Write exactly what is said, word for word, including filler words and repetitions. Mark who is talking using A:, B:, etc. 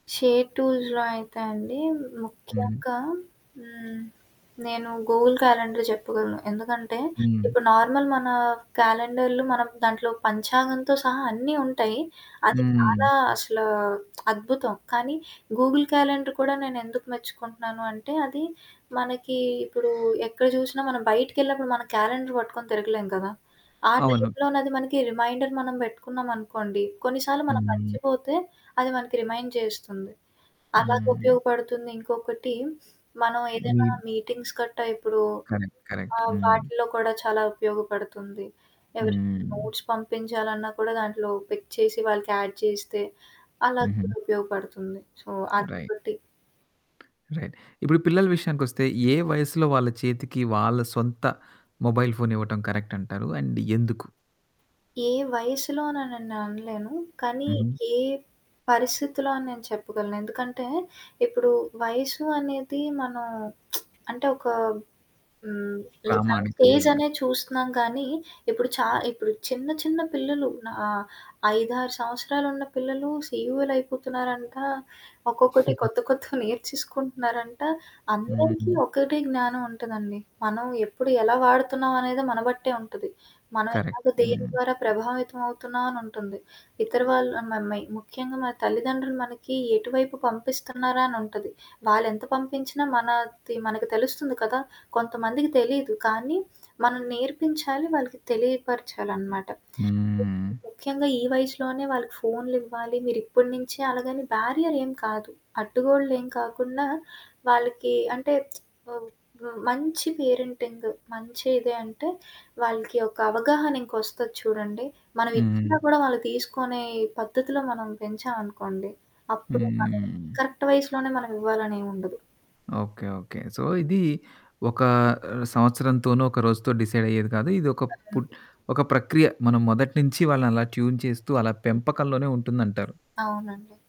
A: Share టూల్స్‌లో అయితే అండీ,
B: హ్మ్.
A: ముఖ్యంగా హ్మ్. నేను గూగుల్ క్యాలెండర్ చెప్పగలను. ఎందుకంటే,
B: హ్మ్.
A: ఇప్పుడు నార్మల్ మనా క్యాలెండర్లు మనం దాంట్లో పంచాంగంతో సహా అన్నీ ఉంటయ్యి. అది
B: హ్మ్.
A: చాలా అసలా అద్భుతం, కానీ గూగుల్ క్యాలెండర్ కూడా నేనెందుకు మెచ్చుకుంటన్నాను అంటే, అది మనకీ ఇప్పుడూ ఎక్కడ జూషినా మనం బయటికెళ్ళినప్పుడు మనం క్యాలెండర్ బట్టుకొని తిరగలేం కదా! ఆ
B: అవును.
A: టైపులోనది మనకి రిమైండర్ మనం బెట్టుకున్నామనుకోండి, కొన్నిసార్లు మనం
B: హ్మ్.
A: మర్చిపోతే, అది మనకి రిమైండ్ చేస్తుంది.
B: హ్మ్.
A: అలాగుపయోగపడుతుంది, ఇంకొకటీ మనమేదైనా
B: మీరు
A: మీటింగ్స్‌ కట్టా ఇప్పుడూ
B: కరెక్ట్. కరెక్ట్.
A: ఆహ్,
B: హ్మ్.
A: వాటిల్లో కూడా చాలా ఉపయోగపడుతుంది. ఎవరికైనా
B: హ్మ్.
A: నోట్స్ పంపించాలన్నా కూడా దాంట్లో పిక్ చేసి, వాళ్ళకి యాడ్ చేస్తే, అలాగ
B: హుహు.
A: కూడా ఉపయోగపడుతుంది. సో, అది
B: రై
A: బట్టి.
B: రైట్. ఇప్పుడు పిల్లల విషయానికొస్తే, ఏ వయసులో వాళ్ళ చేతికి వాళ్ళ సొంత మొబైల్ ఫోనివ్వటం కరక్టంటారు అండ్ ఎందుకు?
A: ఏ వయసులోననని నేనలేను, కానీ
B: హుహు.
A: ఏ పరిస్థితిలో అని నేను చెప్పగలను. ఎందుకంటే, ఇప్పుడూ వయసు అనేది మనం అంటే, ఒకా హ్మ్. లైక్ ఆ
B: ప్రామాణికంగా గాదు.
A: స్టేజనేది చూస్తున్నాం, కానీ ఇప్పుడు చా ఇప్పుడు చిన్న చిన్న పిల్లలు, న్ ఆహ్, ఐదారు సంవత్సరాలున్న పిల్లలు సీఈఓలయిపోతున్నారంటా. ఒక్కొక్కటి
B: హుహు.
A: కొత్త కొత్తవి నేర్చికుంటున్నారంట. అందరికీ
B: హ్మ్.
A: ఒకటే జ్ఞానవుంటుందండి. మనం ఎప్పుడు, ఎలా వాడుతున్నావనేదే మన బట్టే ఉంటది. మనం
B: కరక్ట్.
A: ఎలాగ దేని
B: హ్మ్.
A: ద్వారా ప్రభావితవవుతున్నావనుంటుంది. ఇతర వాళ్ళు అన్ మ మే ముఖ్యంగా మన తల్లిదండ్రులు మనకి ఎటువైపు పంపిస్తున్నారా అనుంటది. వాళ్ళెంత పంపించినా మనాది మనకు తెలుస్తుంది కదా! కొంతమందికి తెలీదు, కానీ మనం నేర్పించాలి, వాళ్ళకి తెలియపరచాలనమాట. [unintelligible]
B: హ్మ్.
A: ముఖ్యంగా ఈ వయసులోనే వాళ్ళకు ఫోన్లివ్వాలి మీరిప్పుడునించే, అలాగని బ్యారియరేం కాదు. అడ్డుగోడలేం కాకుండా, వాళ్ళకి అంటే వ్ వ మంచి పేరెంటింగ్ మంచిదే అంటే, వాళ్ళకి ఒక అవగాహనింకొస్తది చూడండి,
B: హ్మ్.
A: మనవిచ్చిన గూడా వాళ్ళు తీసుకొనే పద్ధతిలో మనం పెంచావనుకోండి, అప్పుడు వాళ్ళకి
B: హ్మ్.
A: కరెక్ట్ వయసులోనే మనవివ్వాలనేవుండదు.
B: ఓకే. ఓకే. సో, ఇదీ ఒకా ఆహ్, సంవత్సరంతోనో, ఒక రోజుతో డిసైడయ్యేది కాదు. ఇది ఒక
A: తగ్గను.
B: పుట్ ఒక ప్రక్రియ. మనం మొదటి నించీ వాళ్ళనలా ట్యూన్ చేస్తూ, అలా పెంపకంలోనే ఉంటుందంటారు.
A: అవునండి.